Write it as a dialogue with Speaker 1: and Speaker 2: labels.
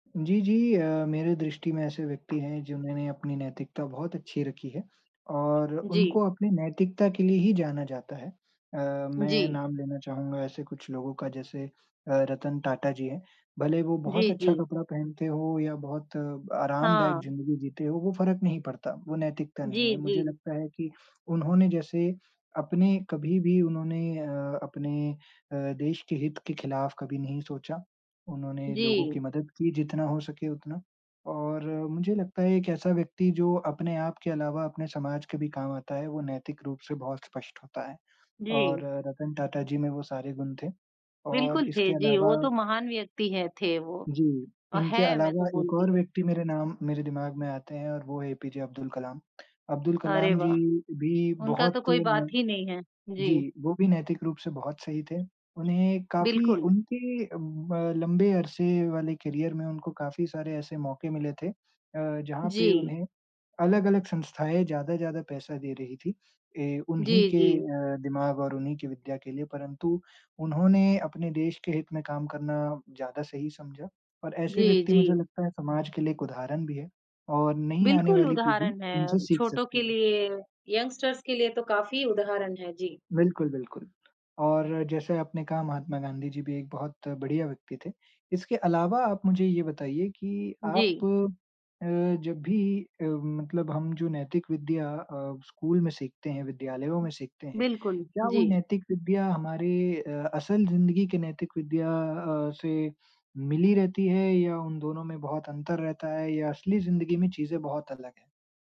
Speaker 1: जी, जी। अ, मेरे दृष्टि में ऐसे व्यक्ति हैं जिन्होंने अपनी नैतिकता बहुत अच्छी रखी है और
Speaker 2: जी।
Speaker 1: उनको अपनी नैतिकता के लिए ही जाना जाता है। अ, मैं
Speaker 2: जी।
Speaker 1: नाम लेना चाहूँगा ऐसे कुछ लोगों का जैसे अ, रतन टाटा जी हैं। भले ही वो बहुत
Speaker 2: जी,
Speaker 1: अच्छा
Speaker 2: जी।
Speaker 1: कपड़ा पहनते हो या बहुत आरामदायक
Speaker 2: हाँ।
Speaker 1: ज़िंदगी जीते हो, वो फ़र्क नहीं पड़ता, वो नैतिकता नहीं
Speaker 2: जी,
Speaker 1: है, मुझे
Speaker 2: जी।
Speaker 1: लगता है कि उन्होंने जैसे अपने कभी-भी उन्होंने अ, अपने अ, देश के हित के खिलाफ़ कभी नहीं सोचा। उन्होंने लोगों की
Speaker 2: जी।
Speaker 1: मदद की जितना हो सके उतना और मुझे लगता है एक ऐसा व्यक्ति जो अपने आप के अलावा अपने समाज के भी काम आता है, वो नैतिक रूप से बहुत स्पष्ट होता है
Speaker 2: जी।
Speaker 1: और रतन टाटा जी में वो सारे गुण थे और
Speaker 2: बिल्कुल थे।
Speaker 1: इसके
Speaker 2: जी, वो
Speaker 1: अलावा
Speaker 2: तो महान व्यक्ति हैं थे वो
Speaker 1: जी,
Speaker 2: और
Speaker 1: इनके
Speaker 2: हैं मैं तो
Speaker 1: अलावा एक
Speaker 2: बोलती
Speaker 1: और
Speaker 2: हूँ।
Speaker 1: व्यक्ति मेरे नाम मेरे दिमाग़ में आते हैं और वो है एपीजे अब्दुल कलाम। अब्दुल
Speaker 2: अरे
Speaker 1: कलाम जी
Speaker 2: वाह!
Speaker 1: भी
Speaker 2: उनका
Speaker 1: बहुत
Speaker 2: तो कोई बात
Speaker 1: नेे
Speaker 2: ही नहीं है। जी।
Speaker 1: जी, वो भी नैतिक रूप से बहुत सही थे। उन्हें काफ़ी
Speaker 2: बिल्कुल।
Speaker 1: उनके अ, ब लंबे अरसे वाले करियर में उनको काफ़ी सारे ऐसे मौक़े मिले थे अ, जहाँ पे
Speaker 2: जी।
Speaker 1: उन्हें अलग-अलग संस्थाएँ ज़्यादा-ज़्यादा पैसा दे रही थीं। ए
Speaker 2: जी,
Speaker 1: उन्हीं के
Speaker 2: जी।
Speaker 1: अ, दिमाग़ और उन्हीं की विद्या के लिए, परंतु उन्होंने अपने देश के हित में काम करना ज़्यादा सही समझा। और ऐसे
Speaker 2: जी,
Speaker 1: व्यक्ति मुझे
Speaker 2: जी।
Speaker 1: लगता है समाज के लिए एक उदाहरण भी है और नई आने
Speaker 2: बिल्कुल
Speaker 1: वाली पीढ़ी
Speaker 2: उदाहरण
Speaker 1: उनसे
Speaker 2: हैं,
Speaker 1: सीख
Speaker 2: छोटों के
Speaker 1: सकती है।
Speaker 2: लिए, यंगस्टर्स के लिए तो काफ़ी उदाहरण हैं। जी।
Speaker 1: बिल्कुल, बिल्कुल। और जैसे आपने कहा महात्मा गांधी जी भी एक बहुत बढ़िया व्यक्ति थे। इसके अलावा आप मुझे ये बताइए कि आप
Speaker 2: जी।
Speaker 1: अ, जब भी अ, मतलब हम जो नैतिक विद्या अ, स्कूल में सीखते हैं, विद्यालयों में सीखते हैं,
Speaker 2: बिल्कुल।
Speaker 1: क्या वो
Speaker 2: जी।
Speaker 1: नैतिक विद्या हमारी अ, असल ज़िंदगी के नैतिक विद्या अ, से मिली रहती है या उन दोनों में बहुत अंतर रहता है या असली ज़िंदगी में चीज़ें बहुत अलग हैं?